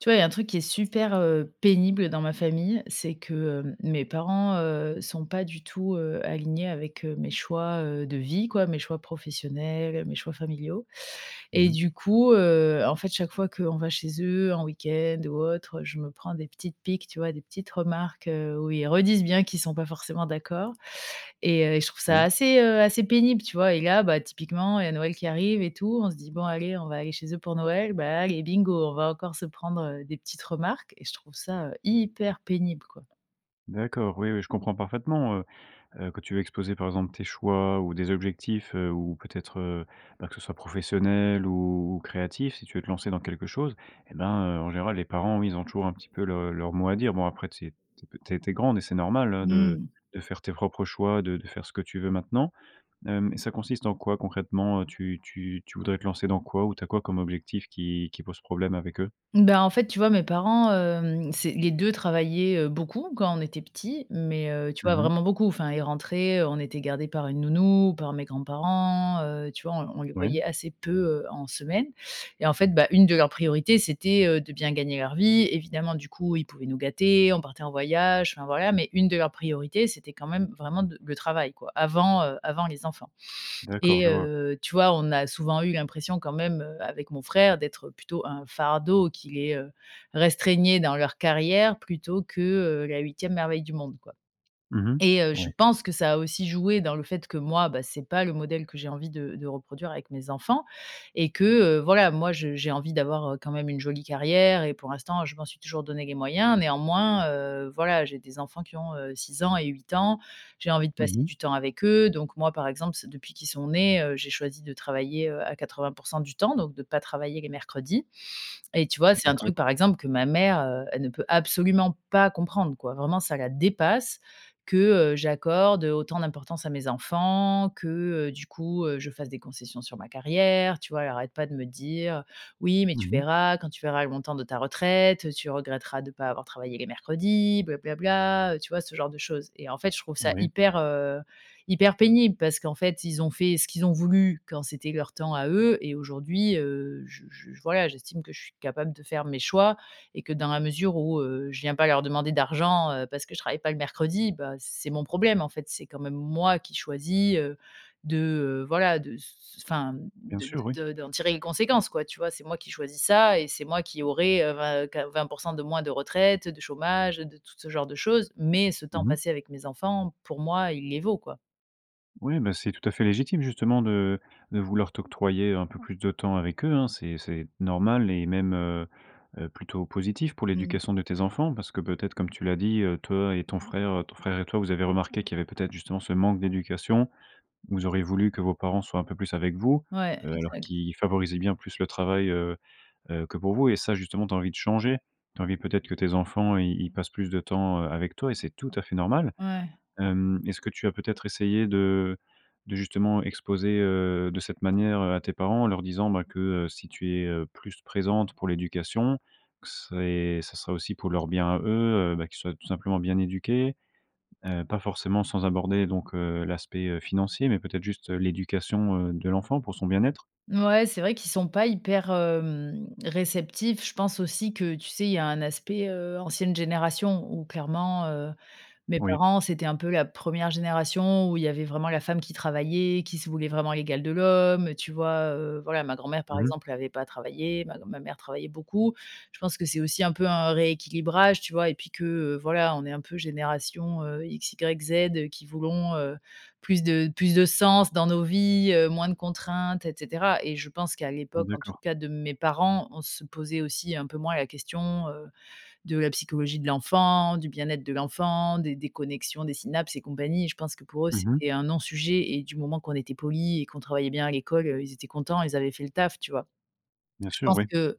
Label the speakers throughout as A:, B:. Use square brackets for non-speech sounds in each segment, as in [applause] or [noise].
A: Tu vois, il y a un truc qui est super, heu, pénible dans ma famille, c'est que, hem, mes parents, heu, sont pas du tout, heu, alignés avec, heu, mes choix, heu, de vie, quoi, mes choix professionnels, mes choix familiaux
B: Mmh
A: et
B: mh.
A: du coup, heu, en fait, chaque fois qu'on va chez eux en week-end ou autre, heu, je me prends des petites piques, tu vois? Des petites remarques, heu, où ils redisent bien qu'ils sont pas forcément d'accord et, heu, et je trouve ça
B: Oui.
A: assez, heu, assez pénible, tu vois? Et là, bah, typiquement, il y a Noël qui arrive et tout. On se dit: «Bon, allez, on va aller chez eux pour Noël». Bah, allez, bingo, on va encore se prendre, heu, des petites remarques et je trouve ça, heu, hyper pénible, quoi.
B: D'accord. Oui, oui, je comprends parfaitement, heu heu que tu veux exposer, par exemple, tes choix ou des objectifs, heu, ou, peut-être, heu, bah, que ce soit professionnel ou ou créatif. Si tu veux te lancer dans quelque chose eh ben, heu, en général, les parents, oui, ils ont toujours un petit peu le leur mot à dire. Bon, après, tu sais, tu es pe tu es tu es grande et c'est normal, hein, de
A: Mmh.
B: de faire tes propres choix, de de faire ce que tu veux, maintenant. Hem, ça consiste en quoi, concrètement, heu, tu tu tu voudrais te lancer dans quoi? Ou tu as quoi comme objectif qui qui pose problème avec eux?
A: Mmh. Ben, en fait, tu vois mes parents, hem, c'est les 2 travaillaient, heu, beaucoup quand on était petits. Mais, heu, tu vois,
B: Mmh mh.
A: vraiment beaucoup. Enfin, ils rentraient, on était gardés par une nounou, ou par mes grands-parents, heu, tu vois? On l on les
B: Oui.
A: voyait assez peu, heu, en semaine et en fait, bah, une de leurs priorités, c'était, heu, de bien gagner leur vie, évidemment. Du coup, ils pouvaient nous gâter, on partait en voyage, enfin, voilà. Mais, une de leurs priorités, c'était quand même vraiment de le travail, quoi, avant, heu, avant les enfants.
B: D'accord.
A: Et
B: Je vois.
A: heu, tu vois, on a souvent eu l'impression, quand même, heu, avec mon frère, d'être plutôt un fardeau qui les, heu, restreignait dans leur carrière, plutôt que, heu, la 8e merveille du monde, quoi.
B: Mmh mh.
A: Et heu, je
B: Ouais.
A: pense que ça a aussi joué dans le fait que moi, bah, c'est pas le modèle que j'ai envie de de reproduire avec mes enfants et que, heu, voilà, moi, je j'ai envie d'avoir, heu, quand même une jolie carrière et pour l'instant, je m'en suis toujours donné les moyens. Néanmoins, heu, voilà, j'ai des enfants qui ont, heu, 6 ans et 8 ans. J'ai envie de
B: Mmh
A: passer
B: mh.
A: du temps avec eux. Donc, moi, par exemple, c depuis qu'ils sont nés, heu, j'ai choisi de travailler, heu, à 80 % du temps, donc de pas travailler les mercredis, et tu vois, c'est un truc,
B: D'accord.
A: par exemple, que ma mère, heu, elle ne peut absolument pas comprendre, quoi. Vraiment, ça la dépasse que, heu, j'accorde, heu, autant d'importance à mes enfants, que, heu, du coup, heu, je fasse des concessions sur ma carrière, tu vois? Elle arrête pas de me dire: «Oui, mais
B: Mmh
A: tu
B: mh.
A: verras, quand tu verras le montant de ta retraite, heu, tu regretteras de pas avoir travaillé les mercredis, bla bla bla». Heu, tu vois, ce genre de chose? Et en fait, je trouve ça
B: Oui.
A: hyper, heu, hyper pénible parce qu'en fait, ils ont fait ce qu'ils ont voulu, quand c'était leur temps à eux et aujourd'hui, heu, je je j voilà, j'estime que je suis capable de faire mes choix et que, dans la mesure où, heu, je viens pas leur demander d'argent, heu, parce que je travaille pas le mercredi, bah, c'est mon problème, en fait. C'est quand même moi qui choisis, heu, de, heu, voilà, de s s enfin, mmh,
B: Bien
A: de
B: sûr, oui.
A: de de d'en tirer une conséquence, quoi, tu vois? C'est moi qui choisis ça et c'est moi qui aurai, heu, 20 qua 20 % de moins de retraite, heu, de chômage, heu, de toute ce genre de choses. Mais, ce temps
B: Mmh mh.
A: passé avec mes enfants, pour moi, il les vaut, quoi.
B: Oui, beh c'est tout à fait légitime, justement, de de vouloir t'octroyer un peu plus de temps avec eux, hein. C'est c'est normal et même, heu heu, plutôt positif pour
A: Mmh.
B: l'éducation de tes enfants. Parce que peut-être, comme tu l'as dit, heu, toi et ton frère ton frère et toi, vous avez remarqué qu'il y avait peut-être justement ce manque d'éducation. Vous auriez voulu que vos parents soient un peu plus avec vous,
A: Ouais,
B: alors
A: exact.
B: qu'ils favorisaient bien plus le travail, heu heu, que pour vous et ça, justement, tu as envie de changer. Tu as envie, peut-être, que tes enfants, ils ils passent plus de temps, heu, avec toi et c'est tout à fait normal.
A: Ouais.
B: Hem, est-ce que tu as peut-être essayé de de justement exposer, heu, de cette manière, heu, à tes parents, en leur disant que, heu, si tu es, heu, plus présente pour l'éducation, que c'est ça serait aussi pour leur bien à eux, heu, bah, qu'ils soient tout simplement bien éduqués, heu, pas forcément sans aborder donc, heu, l'aspect, heu, financier, mais peut-être juste l'éducation, heu, de l'enfant pour son bien-être?
A: Ouais, c'est vrai qu'ils sont pas hyper, hem, réceptifs. Je pense aussi que, tu sais, il y a un aspect, heu, ancienne génération où, clairement, heu, mes
B: Oui.
A: parents, c'était un peu la première génération où il y avait vraiment la femme qui travaillait, qui se voulait vraiment l'égale de l'homme, tu vois? Heu, voilà, ma grand-mère, par
B: Mmh mh.
A: exemple, avait pas travaillé. Ma gr ma mère travaillait beaucoup. Je pense que c'est aussi un peu un rééquilibrage, tu vois? Et puis que, heu, voilà, on est un peu génération, heu, XYZ qui voulons, heu, plus de plus de sens dans nos vies, heu, moins de contraintes, et cetera, et je pense qu'à l'époque, en tout
B: D'accord.
A: cas de mes parents, on se posait aussi un peu moins la question, heu, de la psychologie de l'enfant, du bien-être de l'enfant, des des connexions, des synapses et compagnies. Je pense que pour eux,
B: Mmh mh.
A: c'était un non-sujet et du moment qu'on était poli et qu'on travaillait bien à l'école, heu, ils étaient contents, ils avaient fait le taf, tu vois?
B: Bien
A: Je
B: sûr,
A: pense
B: oui.
A: que,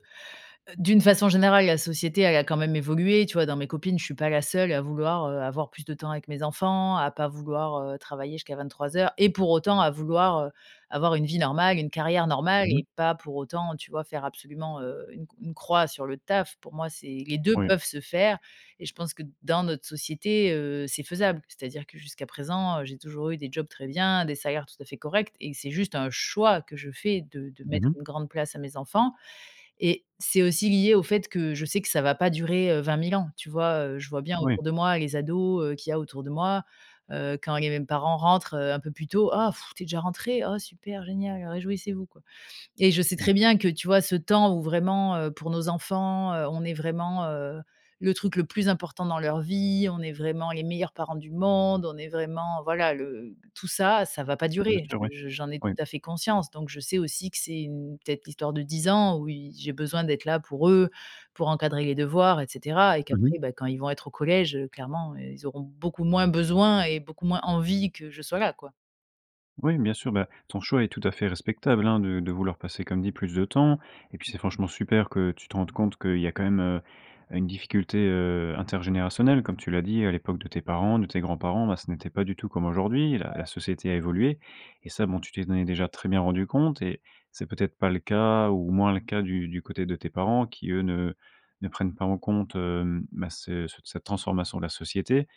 A: d'une façon générale, la société, elle a quand même évolué, tu vois? Dans mes copines, je suis pas la seule à vouloir, heu, avoir plus de temps avec mes enfants, à pas vouloir, heu, travailler jusqu'à 23:00 et pour autant à vouloir, heu, avoir une vie normale, une carrière normale
B: Mmh mh.
A: et pas pour autant, tu vois, faire absolument, heu, une une croix sur le taf? Pour moi, c'est les deux
B: Oui.
A: peuvent se faire et je pense que, dans notre société, heu, c'est faisable. C'est-à-dire que jusqu'à présent, heu, j'ai toujours eu des jobs très bien, des salaires tout à fait corrects et c'est juste un choix que je fais de de
B: Mmh
A: mettre
B: mh.
A: une grande place à mes enfants. Et c'est aussi lié au fait que je sais que ça ne va pas durer, heu, 20 000 ans, tu vois? Heu, je vois bien
B: Oui.
A: autour de moi, les ados, heu, qu'il y a autour de moi, heu, quand les parents rentrent un peu plus tôt: «Oh pff, tu es déjà rentré? Oh super génial, réjouissez vous, quoi». Et je sais
B: Ouais.
A: très bien que, tu vois, ce temps où vraiment, heu, pour nos enfants, heu, on est vraiment, heu, le truc le plus important dans leur vie, on est vraiment les meilleurs parents du monde, on est vraiment, voilà, le tout ça ça va pas
B: Bien
A: durer.
B: sûr, oui.
A: Je je j'en ai
B: Oui.
A: tout à fait conscience. Donc je sais aussi que c'est peut-être l'histoire de 10 ans où y j'ai besoin d'être là pour eux, pour encadrer les devoirs, et cetera, et
B: Mmh mh.
A: qu'après, beh, quand ils vont être au collège, heu, clairement, heu, ils auront beaucoup moins besoin et beaucoup moins envie que je sois là, quoi.
B: Oui, bien sûr, bah ton choix est tout à fait respectable, hein, de de vouloir passer, comme dit plus de temps et puis c'est franchement super que tu te rendes compte qu'il y a quand même, heu, une difficulté, heu, intergénérationnelle comme tu l'as dit à l'époque de tes parents, de tes grands-parents, bah ce n'était pas du tout comme aujourd'hui la la
A: Ouais.
B: société a évolué et ça, bon, tu t'en est déjà très bien rendu compte et c'est peut-être pas le cas ou moins le cas du du côté de tes parents qui eux ne ne prennent pas en compte, hem, bah ce c cette transformation de la société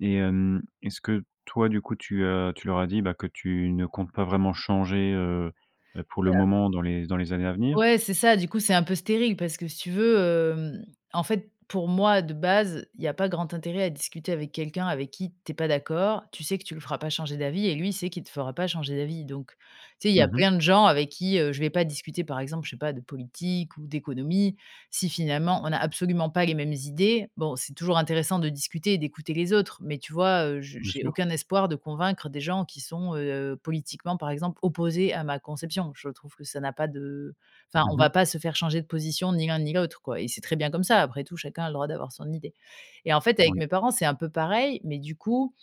B: et hem, est-ce que toi, du coup, tu, heu tu leur as dit, bah que tu ne comptes pas vraiment changer, heu heu, pour
A: Bah
B: le
A: ap
B: moment dans les dans les années à venir?
A: Ouais, c'est ça, du coup, c'est un peu stérile parce que si tu veux, hem, en fait, pour moi de base, il y a pas grand intérêt à discuter avec quelqu'un avec qui tu es pas d'accord, tu sais que tu le feras pas changer d'avis et lui, il sait qu'il te fera pas changer d'avis donc tu sais, il y a
B: Mmh mh.
A: plein de gens avec qui, heu, je vais pas discuter par exemple, je sais pas de politique ou d'économie, si finalement, on n'a absolument pas les mêmes idées. Bon, c'est toujours intéressant de discuter et d'écouter les autres, mais tu vois, heu, je
B: Bien
A: j'ai
B: sûr.
A: aucun espoir de convaincre des gens qui sont, heu, politiquement par exemple opposés à ma conception. Je trouve que ça n'a pas de enfin,
B: Mmh
A: on
B: mh.
A: va pas se faire changer de position ni l'un ni l'autre, quoi et c'est très bien comme ça, après tout, chacun a le droit d'avoir son idée et en fait, avec
B: Oui.
A: mes parents, c'est un peu pareil, mais du coup,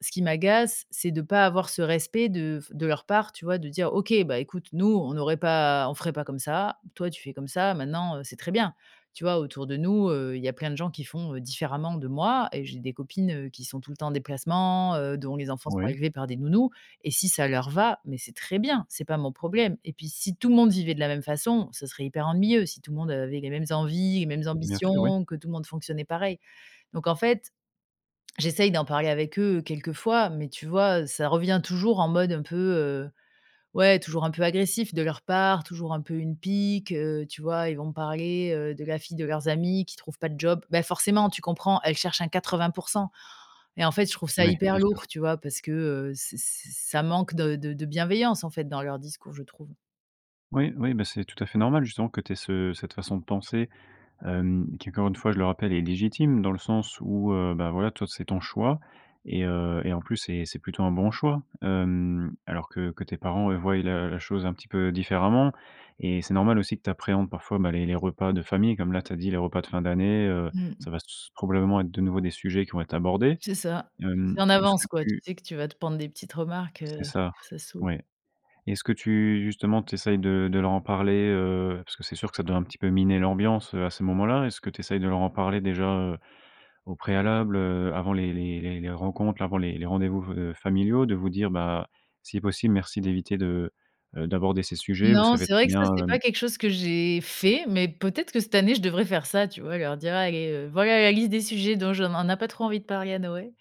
A: ce qui m'agace, c'est de pas avoir ce respect de f de leur part, tu vois, de dire: «OK, bah écoute, nous, on n'aurait pas on ferait pas comme ça, toi, tu fais comme ça maintenant, heu, c'est très bien». Tu vois, autour de nous, heu, il y a plein de gens qui font, heu, différemment de moi et j'ai des copines, heu, qui sont tout le temps en déplacement, heu, dont les enfants sont
B: Ouais.
A: élevés par des nounous et si ça leur va, mais c'est très bien, c'est pas mon problème et puis si tout le monde vivait de la même façon, ce serait hyper ennuyeux si tout le monde avait les mêmes envies, les mêmes
B: Bien sûr, oui.
A: ambitions, que tout le monde fonctionnait pareil, donc en fait, j'essaie d'en parler avec eux quelques fois, mais tu vois, heu, ça revient toujours en mode un peu, heu ouais, toujours un peu agressif de leur part, toujours un peu une pique, heu, tu vois? Ils vont me parler, heu, de la fille de leurs amis qui trouve pas de job. «Bah forcément, tu comprends, elle cherche un 80 %» et en fait, je trouve ça
B: Oui,
A: hyper
B: bien
A: lourd,
B: sûr.
A: tu vois, parce que, heu, ç ç ça manque de de de bienveillance, en fait, dans leur discours, je trouve.
B: Oui, oui, bah, c'est tout à fait normal justement que tu aies ce cette façon de penser, hem, qui, encore une fois, je le rappelle est légitime, dans le sens où, heu, bah, voilà, toi c'est ton choix et heu et en plus c'est c'est plutôt un bon choix. Hem, alors que que tes parents, heu, voient la la chose un petit peu différemment, et c'est normal aussi que tu appréhendes parfois, ben les les repas de famille comme là, tu as dit: «Les repas de fin d'année, heu,
A: Mmh
B: ça
A: mh.
B: va s probablement être de nouveau, des sujets qui vont être abordés».
A: C'est ça. Tu
B: Hem,
A: sais en
B: est-ce que
A: avance, quoi, tu
B: tu
A: sais que tu vas te prendre des petites remarques, heu,
B: C'est ça.
A: ça soûle.
B: Ouais. Est-ce que tu justement tu essaies de de leur en parler, heu? Parce que c'est sûr que ça doit un petit peu miner l'ambiance, heu, à ces moments-là. Est-ce que tu essaies de leur en parler déjà, heu, au préalable, heu, avant les les les les rencontres, avant les les rendez-vous, heu, familiaux? De vous dire, bah: «Si possible, merci d'éviter de, heu, d'aborder ces sujets, vous
A: Non,
B: savez
A: c'est vrai
B: très
A: que ça,
B: bien,
A: c'est
B: hem»
A: pas quelque chose que j'ai, fait, mais peut-être que cette année, je devrais faire ça, tu vois? Leur dire: «Allez, heu, voilà la liste des sujets dont je on n'a pas trop envie de parler à Noël».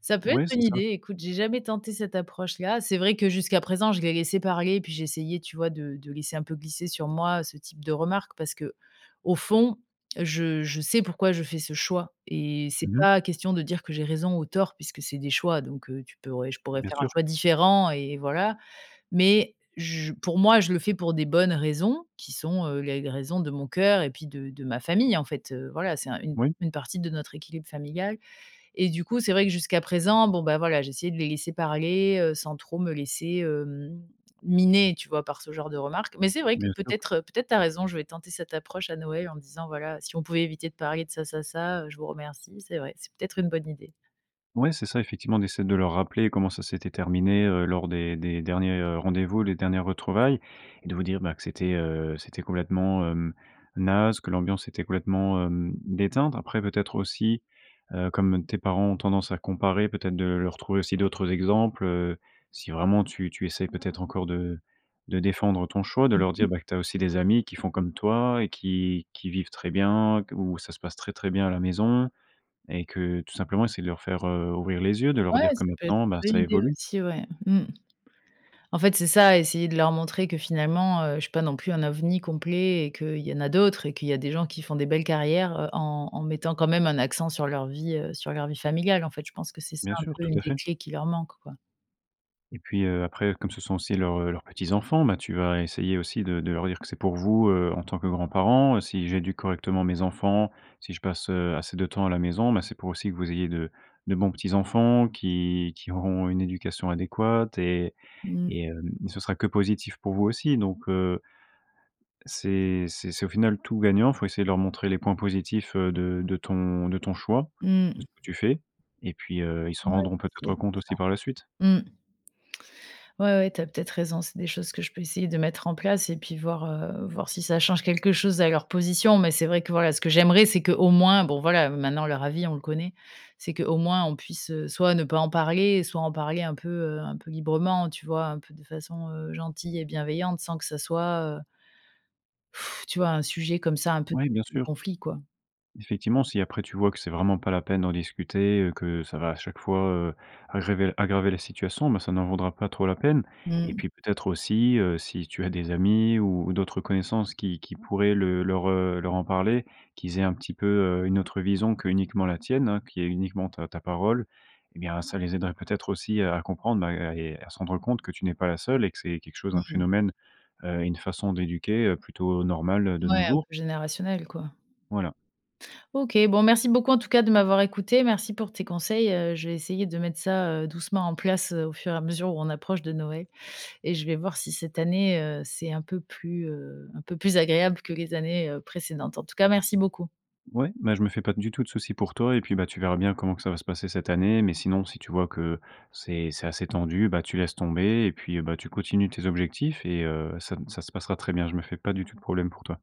A: Ça peut être
B: Oui,
A: une
B: c'est ça.
A: idée, écoute, j'ai jamais tenté cette approche-là. C'est vrai, que jusqu'à présent, je les laissais parler et puis j'essayais, tu vois, de de laisser un peu glisser sur moi, heu, ce type de remarque. Parce qu'au fond, je je sais pourquoi, je fais ce choix et c'est
B: Mmh mh.
A: pas question de dire, que j'ai raison ou tort, puisque c'est des choix, donc, heu, tu pourrais je pourrais
B: Bien
A: faire un
B: sûr.
A: choix différent et et voilà. Mais, je pour moi, je le fais pour des bonnes raisons, qui sont, heu, les les raisons de mon cœur et puis de de ma famille en fait, heu, voilà. C'est une
B: Oui.
A: une partie de notre équilibre familial et du coup, c'est vrai que jusqu'à présent, bon, bah, voilà, j'essayais de les laisser parler, heu, sans trop me laisser, hem, miner, tu vois? Par ce genre de remarque. Mais c'est vrai que
B: Bien sûr.
A: peut-être, peut-être tu as raison, je vais tenter cette approche à Noël en disant: «Voilà, si on pouvait éviter de parler de ça, ça, ça, heu, je vous remercie». C'est vrai, c'est peut-être une bonne idée.
B: Ouais, c'est ça effectivement, d'essayer de leur rappeler comment ça s'était terminé, heu, lors des des derniers, heu, rendez-vous, les dernières retrouvailles et de vous dire, bah, que c'était, heu, c'était complètement, heu, naze, que l'ambiance était complètement, hem, déteinte. Après peut-être aussi, heu, comme tes parents ont tendance à comparer, peut-être de leur trouver aussi d'autres exemples, heu, si vraiment tu tu essaies peut-être encore de de défendre ton choix, de
A: Mmh
B: leur dire,
A: mh.
B: ben, que tu as aussi des amis qui font comme toi et qui qui vivent très bien qu où ça se passe très très bien à la maison et que tout simplement essayer de leur faire, heu, ouvrir les yeux, de leur
A: Ouais,
B: dire
A: ça
B: que
A: peut être
B: maintenant, bah,
A: une
B: ça
A: bonne idée
B: évolue.
A: aussi, ouais. Mmh. En fait, c'est ça: essayer de leur montrer que finalement, heu, je suis pas non plus un ovni complet et qu'il y en a d'autres et qu'il y a des gens qui font des belles carrières, heu, en en mettant quand même un accent sur leur vie, heu, sur leur vie familiale en fait. Je pense que c'est ça,
B: Bien
A: un
B: sûr,
A: peu,
B: tout
A: une
B: à
A: des
B: fait.
A: clés qui leur manque, quoi.
B: Et puis, heu, après, comme ce sont aussi leurs, heu, leurs petits-enfants, bah, tu vas essayer aussi de de leur dire que: «C'est pour vous, heu, en tant que grands-parents, si j'éduque correctement mes enfants, si je passe, heu, assez de temps à la maison, ben, c'est pour aussi que vous ayez de de bons petits-enfants qui qui auront une éducation adéquate et
A: Mmh.
B: et hem, ce sera que positif pour vous aussi donc, heu» «c'est c'est c'est au final tout gagnant», il faut essayer de leur montrer les points positifs, heu, de de ton de ton choix, de
A: Mmh.
B: ce que tu fais et puis, heu, ils se
A: Ouais,
B: rendront
A: je vais essayer
B: peut-être
A: de faire
B: compte aussi
A: ça.
B: par la suite.
A: Mmh. Ouais, ouais, tu as peut-être raison, c'est des choses que je peux essayer de mettre en place et puis voir, heu, voir si ça change quelque chose à leur position. Mais c'est vrai que voilà, ce que j'aimerais c'est qu'au moins, bon voilà, maintenant leur avis, on le connaît, c'est qu'au moins on puisse, heu, soit ne pas en parler soit en parler un peu, heu, un peu librement, tu vois? Un peu de façon, heu, gentille et bienveillante sans que ça soit, heu [blows air] tu vois, un sujet comme ça, un peu
B: Oui,
A: de
B: bien
A: de
B: sûr.
A: conflit, quoi.
B: Effectivement, si après tu vois que c'est vraiment pas la peine d'en discuter, heu, que ça va à chaque fois, heu, aggraver- aggraver la situation, ben, ça n'en vaudra pas trop la peine et
A: Mmh.
B: puis peut-être aussi, heu, si tu as des amis ou d'autres connaissances qui qui pourraient le leur, heu, leur en parler. Qu'ils aient un petit peu, heu, une autre vision qu'uniquement la tienne, hein, qui est uniquement ta ta parole, eh bien ça les aiderait peut-être aussi à à comprendre, bah, à et à se rendre compte que tu n'es pas la seule et que c'est quelque chose, un
A: Mmh.
B: phénomène, heu, une façon d'éduquer, heu, plutôt normale, heu, de
A: Ouais,
B: nos
A: un
B: jours.
A: peu générationnel, quoi.
B: Voilà.
A: OK, bon, merci beaucoup en tout cas de m'avoir écoutée. Merci pour tes conseils, heu, je vais essayer de mettre ça, heu, doucement en place, heu, au fur et à mesure où on approche de Noël et je vais voir si cette année, heu, c'est un peu plus, heu, un peu plus agréable que les années, heu, précédentes. En tout cas, merci beaucoup.
B: Ouais. Bah, je me fais pas du tout de souci pour toi et puis, bah, tu verras bien comment que ça va se passer cette année. Mais sinon si tu vois que c'est c'est assez tendu, bah, tu laisses tomber et puis, heu, bah, tu continues tes objectifs et heu, ça n ça se passera très bien, je me fais pas du tout de problème pour toi.